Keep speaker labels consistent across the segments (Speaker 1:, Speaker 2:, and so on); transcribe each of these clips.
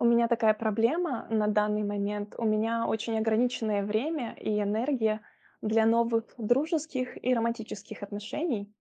Speaker 1: У меня такая проблема на данный момент. У меня очень ограниченное время и энергия для новых дружеских и романтических отношений,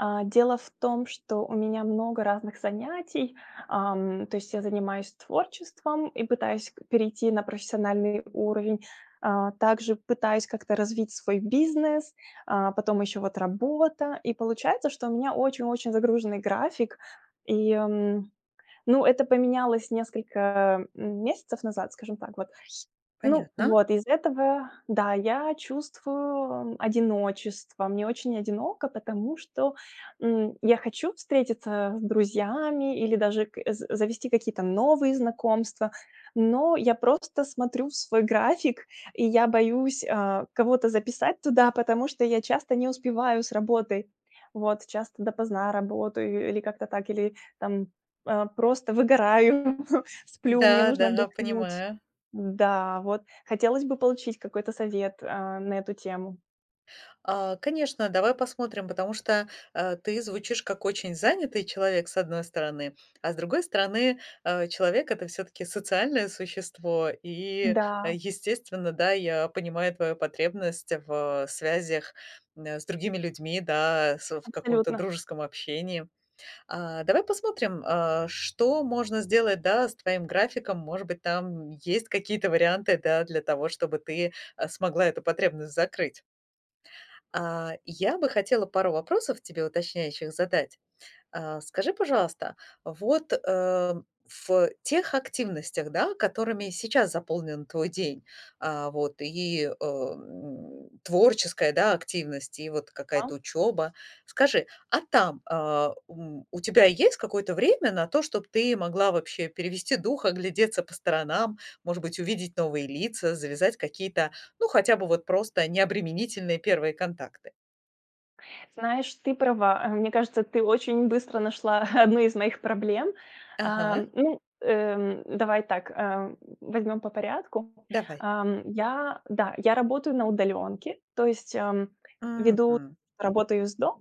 Speaker 1: э. Дело в том, что у меня много разных занятий, эм. То есть я занимаюсь творчеством и пытаюсь перейти на профессиональный уровень, э, также пытаюсь как-то развить свой бизнес, э, потом еще вот работа. И получается, что у меня очень-очень загруженный график. И, ну, это поменялось несколько, э, месяцев назад, скажем так вот. Ну
Speaker 2: Понятно.
Speaker 1: вот, из этого, да, я чувствую одиночество. Мне очень одиноко, потому что, м, я хочу встретиться с друзьями или даже к з завести какие-то новые знакомства, но я просто смотрю в свой график, и я боюсь, э, кого-то записать туда, потому что я часто не успеваю с работой. Вот часто допоздна работаю или как-то так, или там, э, просто выгораю, сплю, мне
Speaker 2: Да,
Speaker 1: нужно
Speaker 2: да,
Speaker 1: отдохнуть.
Speaker 2: понимаю.
Speaker 1: Да вот. Хотелось бы получить какой-то совет, э, на эту тему.
Speaker 2: А, конечно, давай посмотрим, потому что, э, ты звучишь как очень занятый человек, с одной стороны, а с другой стороны, э, человек- это всё-таки социальное существо, и
Speaker 1: Да.
Speaker 2: естественно, да, я понимаю твою потребность в связях, э, с другими людьми, да, с в каком-то
Speaker 1: Абсолютно.
Speaker 2: дружеском общении. А, давай посмотрим, а, что можно сделать, да, с твоим графиком. Может быть, там есть какие-то варианты, да, для того, чтобы ты смогла эту потребность закрыть. А, я бы хотела пару вопросов тебе уточняющих задать. А скажи, пожалуйста, вот, э, в тех активностях, да, которыми сейчас заполнен твой день, э, вот и, э, м, творческая, да, активность, и вот
Speaker 1: А.
Speaker 2: какая-то учеба. Скажи, а там, э, м, у тебя есть какое-то время на то, чтобы ты могла вообще перевести дух, оглядеться по сторонам, может быть, увидеть новые лица, завязать какие-то, ну, хотя бы вот просто необременительные первые контакты?
Speaker 1: Знаешь, ты права, э. Мне кажется, ты очень быстро нашла одну из моих проблем,
Speaker 2: Ага.
Speaker 1: э. Ну, эм, давай так, э, возьмем по порядку,
Speaker 2: Давай.
Speaker 1: эм. Я- да, я работаю на удаленке, то есть, эм, веду
Speaker 2: Мгм.
Speaker 1: работаю из дома.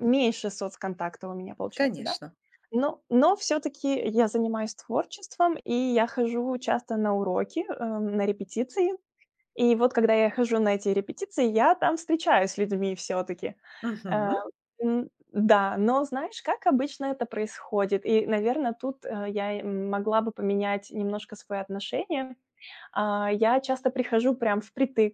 Speaker 1: Меньше соцконтакта у меня получается, да?
Speaker 2: Конечно.
Speaker 1: Но но всё-таки я занимаюсь творчеством, и я хожу часто на уроки, эм, на репетиции. И вот когда я хожу на эти репетиции, я там встречаюсь с людьми всё-таки. Э,
Speaker 2: Мгм.
Speaker 1: м, м-да, но знаешь, как обычно это происходит. И, наверное, тут, э, я, м, могла бы поменять немножко свое отношение. А, я часто прихожу прям впритык,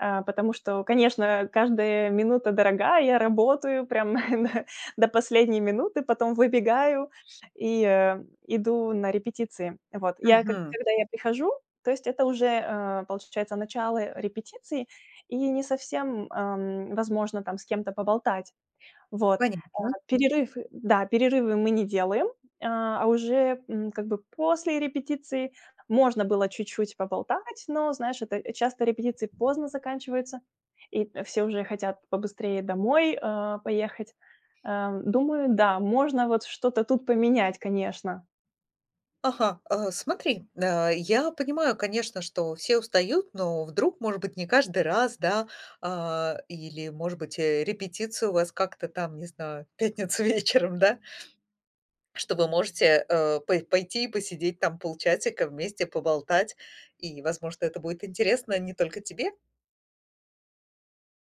Speaker 1: э, потому что, конечно, э, каждая минута дорога. Я работаю прям на на до последней минуты, потом выбегаю и, э, иду на репетиции. Вот, я к
Speaker 2: Мгм.
Speaker 1: когда я прихожу, то есть это уже, э, получается, начало репетиции, и не совсем, эм, возможно там с кем-то поболтать. Вот, э,
Speaker 2: Понятно.
Speaker 1: перерыв, да, перерывы мы не делаем, а, уже, м, как бы после репетиции можно было чуть-чуть поболтать, но знаешь, это, часто репетиции поздно заканчиваются, и, э, все уже хотят побыстрее домой, э, поехать, э. Думаю, да, можно вот что-то тут поменять, конечно.
Speaker 2: Ага, э, смотри, э, я понимаю, конечно, что все устают, но вдруг, может быть, не каждый раз, да, а, или, может быть, э, репетиция у вас как-то там, не знаю, пятница вечером, да. Что вы можете, э, пой пойти посидеть там полчасика вместе, поболтать, и, возможно, это будет интересно не только тебе.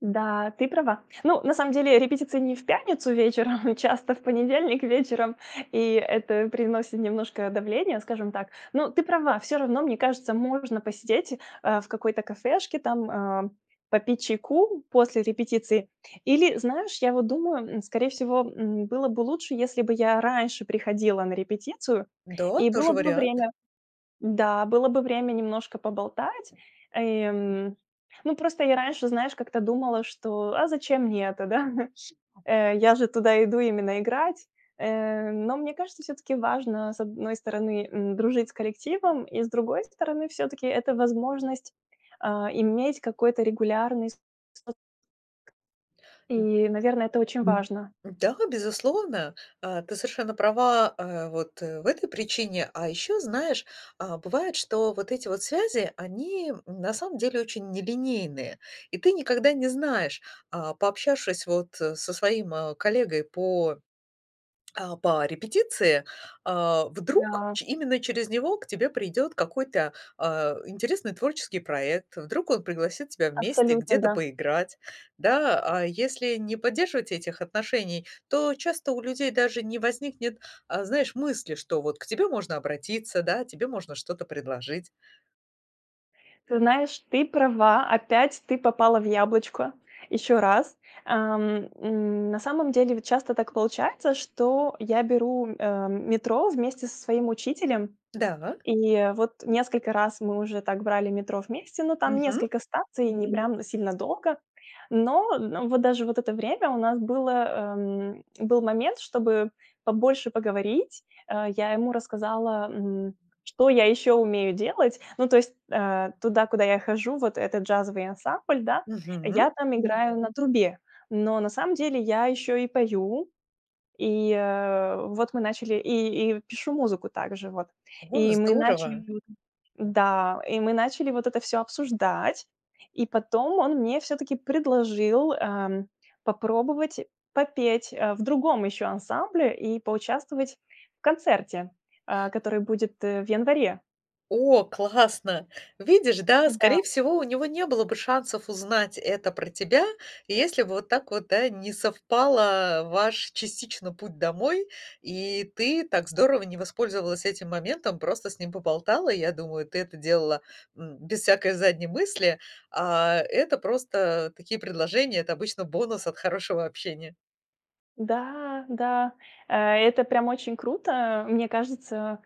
Speaker 1: Да, ты права. Ну, на самом деле репетиция не в пятницу вечером, часто в понедельник вечером, и это приносит немножко давление, скажем так. Ну, ты права, всё равно, мне кажется, можно посидеть, а, в какой-то кафешке, там, э, попить чайку после репетиции. Или, знаешь, я вот думаю, м, скорее всего, м, было бы лучше, если бы я раньше приходила на репетицию,
Speaker 2: Да,
Speaker 1: и было
Speaker 2: тоже
Speaker 1: бы
Speaker 2: вариант.
Speaker 1: время. Да, было бы время немножко поболтать, эм. Ну, просто я раньше, знаешь, как-то думала, что а зачем мне это, да? Э, я же туда иду именно играть, э. Но мне кажется, всё-таки важно, с одной стороны, м, дружить с коллективом, и с другой стороны, всё-таки это возможность, э, иметь какой-то регулярный соц и, наверное, это очень важно.
Speaker 2: Да, безусловно, э, ты совершенно права, э, вот в этой причине, а ещё знаешь, а, бывает, что вот эти вот связи, они, м, на самом деле очень нелинейные, и ты никогда не знаешь, э, пообщавшись вот со своим коллегой по, а, по репетиции, а, вдруг
Speaker 1: Да.
Speaker 2: ч именно через него к тебе придёт какой-то, э, интересный творческий проект, вдруг он пригласит тебя вместе
Speaker 1: Абсолютно
Speaker 2: где-то
Speaker 1: да.
Speaker 2: поиграть, да, а если не поддерживать этих отношений, то часто у людей даже не возникнет, э, знаешь, мысли, что вот к тебе можно обратиться, да, тебе можно что-то предложить.
Speaker 1: Ты знаешь, ты права, опять ты попала в яблочко ещё раз, ам, м. На самом деле, ведь часто так получается, что я беру, э, метро вместе со своим учителем.
Speaker 2: Да.
Speaker 1: И вот несколько раз мы уже так брали метро вместе, но там
Speaker 2: Мгм.
Speaker 1: несколько станций и не прям сильно долго. Но в вот даже вот это время у нас было, эм, был момент, чтобы побольше поговорить, э. Я ему рассказала, м, что я ещё умею делать. Ну, то есть, э, туда, куда я хожу, вот этот джазовый ансамбль, да,
Speaker 2: Мгм.
Speaker 1: я там играю на трубе. Но на самом деле я ещё и пою. И, э, вот мы начали, и и пишу музыку также вот.
Speaker 2: О,
Speaker 1: И мы
Speaker 2: здорово!
Speaker 1: начали, да, и мы начали вот это всё обсуждать. И потом он мне всё-таки предложил, эм, попробовать попеть, э, в другом ещё ансамбле и поучаствовать в концерте, э, который будет в январе.
Speaker 2: О, классно! Видишь, да,
Speaker 1: Н-да.
Speaker 2: скорее всего, у него не было бы шансов узнать это про тебя, если бы вот так вот, да, не совпало ваш частично путь домой, и ты так здорово не воспользовалась этим моментом, просто с ним поболтала. Я думаю, ты это делала, м, без всякой задней мысли, а это просто такие предложения, это обычно бонус от хорошего общения.
Speaker 1: Да, да, э это прям очень круто. Мне кажется,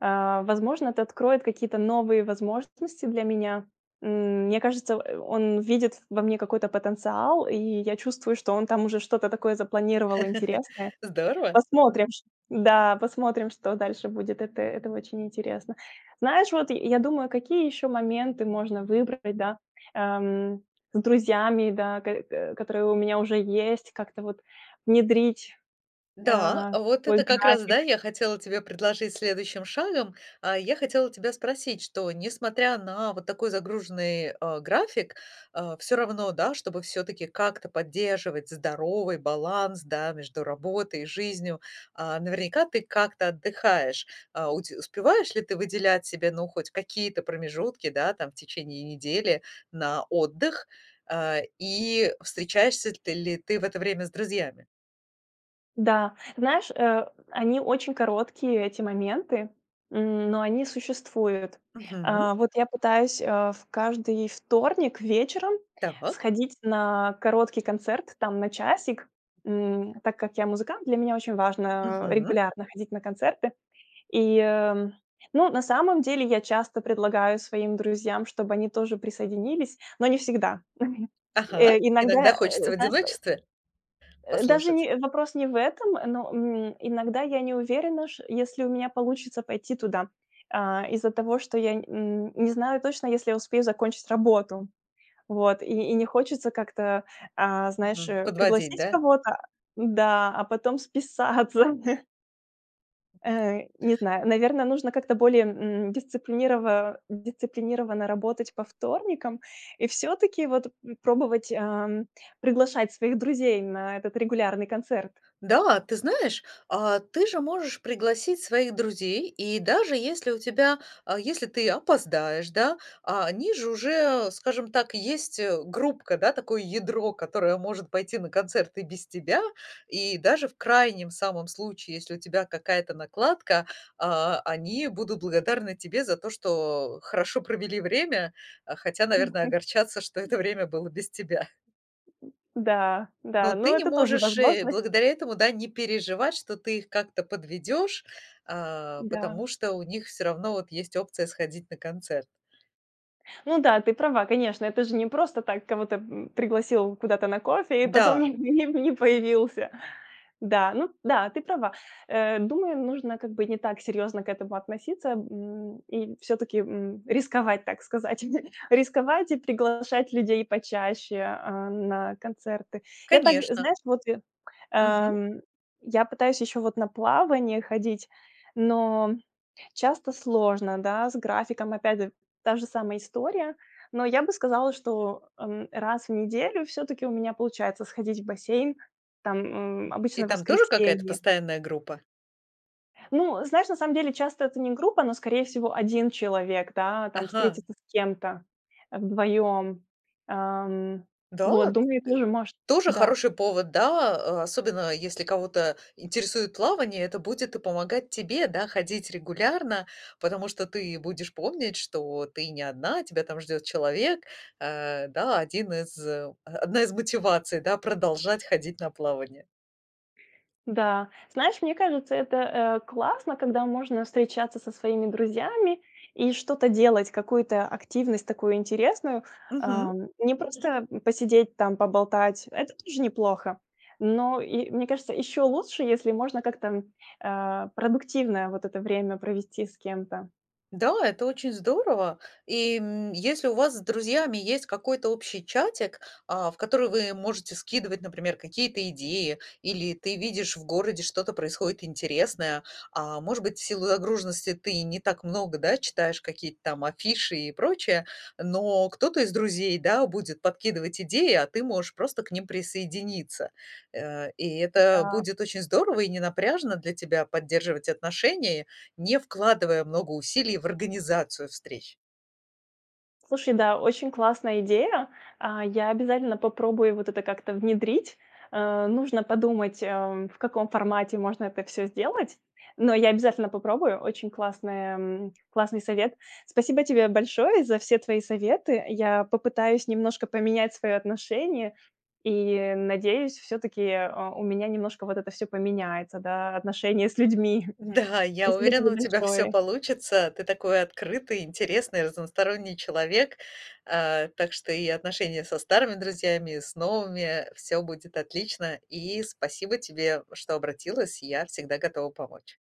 Speaker 1: э, возможно, это откроет какие-то новые возможности для меня, м. Мне кажется, э, он видит во мне какой-то потенциал, и я чувствую, что он там уже что-то такое запланировал интересное.
Speaker 2: Здорово.
Speaker 1: Посмотрим, ч да, посмотрим, что дальше будет. Это это очень интересно. Знаешь, вот я думаю, какие еще моменты можно выбрать, да, эм. С друзьями, да, к к которые у меня уже есть, как-то вот внедрить, э,
Speaker 2: Да,
Speaker 1: в
Speaker 2: вот
Speaker 1: свой
Speaker 2: это как раз,
Speaker 1: график.
Speaker 2: да, я хотела тебе предложить следующим шагом. А я хотела тебя спросить, что несмотря на вот такой загруженный, э, график, э, всё равно, да, чтобы всё-таки как-то поддерживать здоровый баланс, да, между работой и жизнью, а, наверняка ты как-то отдыхаешь, э. У те успеваешь ли ты выделять себе, ну, хоть какие-то промежутки, да, там, в течение недели на отдых, э, и встречаешься ты ли ты в это время с друзьями?
Speaker 1: Да, знаешь, э, они очень короткие, эти моменты, м, но они существуют.
Speaker 2: Мгм.
Speaker 1: Э, вот я пытаюсь, э, в каждый вторник вечером
Speaker 2: Так.
Speaker 1: сходить на короткий концерт, там, на часик. М, так как я музыкант, для меня очень важно, э,
Speaker 2: Мгм.
Speaker 1: регулярно ходить на концерты. И, э, ну, на самом деле я часто предлагаю своим друзьям, чтобы они тоже присоединились, но не всегда.
Speaker 2: Ага,
Speaker 1: Э,
Speaker 2: иногда
Speaker 1: иногда,
Speaker 2: хочется в
Speaker 1: знаешь что
Speaker 2: одиночестве?
Speaker 1: Э, даже
Speaker 2: Послушать.
Speaker 1: не, э, вопрос не в этом, но, м, иногда я не уверена, ш если у меня получится пойти туда, а, из-за того, что я, м, не знаю точно, если я успею закончить работу. Вот и и не хочется как-то, а, знаешь,
Speaker 2: Мгм,
Speaker 1: э,
Speaker 2: подводить,
Speaker 1: пригласить
Speaker 2: да?
Speaker 1: кого-то, да, а потом списаться. Э, не знаю, наверно, нужно как-то более, м, дисциплинирова дисциплинированно работать по вторникам, и всё-таки вот пробовать, ам, приглашать своих друзей на этот регулярный концерт.
Speaker 2: Да, ты знаешь, а, ты же можешь пригласить своих друзей, и даже если у тебя а, если ты опоздаешь, да, а они же уже, скажем так, есть, э, группка, да, такое ядро, которое может пойти на концерт и без тебя, и даже в крайнем самом случае, если у тебя какая-то накладка, а, они будут благодарны тебе за то, что хорошо провели время. Э, хотя, наверное,
Speaker 1: Мгм.
Speaker 2: огорчатся, что это время было без тебя.
Speaker 1: Да да,
Speaker 2: Но
Speaker 1: но
Speaker 2: ты не
Speaker 1: это тоже
Speaker 2: можешь, э,
Speaker 1: возможность
Speaker 2: благодаря этому не переживать, что ты их как-то подведешь, э,
Speaker 1: Да.
Speaker 2: потому что у них вот всё равно вот есть опция сходить на концерт.
Speaker 1: Ну да, ты права, конечно, это же не просто так кого-то, м, пригласил куда-то на кофе и потом
Speaker 2: Да.
Speaker 1: не не появился. Да, ну да, ты права. Э, думаю, нужно, как бы, не так серьезно к этому относиться, м, и всё-таки, м, рисковать, так сказать. Рисковать и приглашать людей почаще, э, на концерты. Я так
Speaker 2: Конечно.
Speaker 1: знаешь, вот я
Speaker 2: Мгм.
Speaker 1: Эм, я пытаюсь ещё вот на плавание ходить, но часто сложно, да, с графиком опять д та же самая история, но я бы сказала, что, м, раз в неделю всё-таки у меня получается сходить в бассейн, там, м, обычно
Speaker 2: .И
Speaker 1: в
Speaker 2: там тоже какая-то
Speaker 1: воскресенье.
Speaker 2: постоянная группа?
Speaker 1: Ну, знаешь, на самом деле часто это не группа, но, скорее всего, 1 человек, да, там
Speaker 2: Ага.
Speaker 1: встретиться с кем-то вдвоем. Эм,
Speaker 2: Да,
Speaker 1: вот думаю
Speaker 2: э,
Speaker 1: тоже, может
Speaker 2: тоже
Speaker 1: да.
Speaker 2: хороший повод, да, э, особенно если кого-то интересует плавание, это будет помогать тебе, да, ходить регулярно, потому что ты будешь помнить, что ты не одна, тебя там ждет человек. Э, да, один из одна из мотиваций, да, продолжать ходить на плавание.
Speaker 1: Да, знаешь, мне кажется, это, э, классно, когда можно встречаться со своими друзьями и что-то делать, какую-то активность такую интересную.
Speaker 2: Мгм.
Speaker 1: Эм, не просто посидеть там, поболтать- это тоже неплохо. Но и, мне кажется, еще лучше, если можно как-то, э, продуктивное вот это время провести с кем-то.
Speaker 2: Да, это очень здорово. И, м, если у вас с друзьями есть какой-то общий чатик, а, в который вы можете скидывать, например, какие-то идеи или ты видишь, в городе что-то происходит интересное, а, может быть, в силу загруженности ты не так много, да, читаешь какие-то там афиши и прочее, но кто-то из друзей, да, будет подкидывать идеи, а ты можешь просто к ним присоединиться. Э, и это
Speaker 1: М-да.
Speaker 2: будет очень здорово и ненапряжно для тебя поддерживать отношения, не вкладывая много усилий в организацию встреч.
Speaker 1: Слушай, да, очень классная идея, а, я обязательно попробую вот это как-то внедрить, э, нужно подумать, эм, в каком формате можно это всё сделать, но я обязательно попробую, очень классная классный совет. Спасибо тебе большое за все твои советы, я попытаюсь немножко поменять свое отношение, и надеюсь, всё-таки, э, у меня немножко вот это всё поменяется, да, отношение с людьми.
Speaker 2: Да, я
Speaker 1: Спасибо
Speaker 2: уверена,
Speaker 1: тебе
Speaker 2: у тебя всё
Speaker 1: большое.
Speaker 2: получится. Ты такой открытый, интересный, разносторонний человек, э, так что и отношения со старыми друзьями, и с новыми, всё будет отлично. И спасибо тебе, что обратилась. Я всегда готова помочь.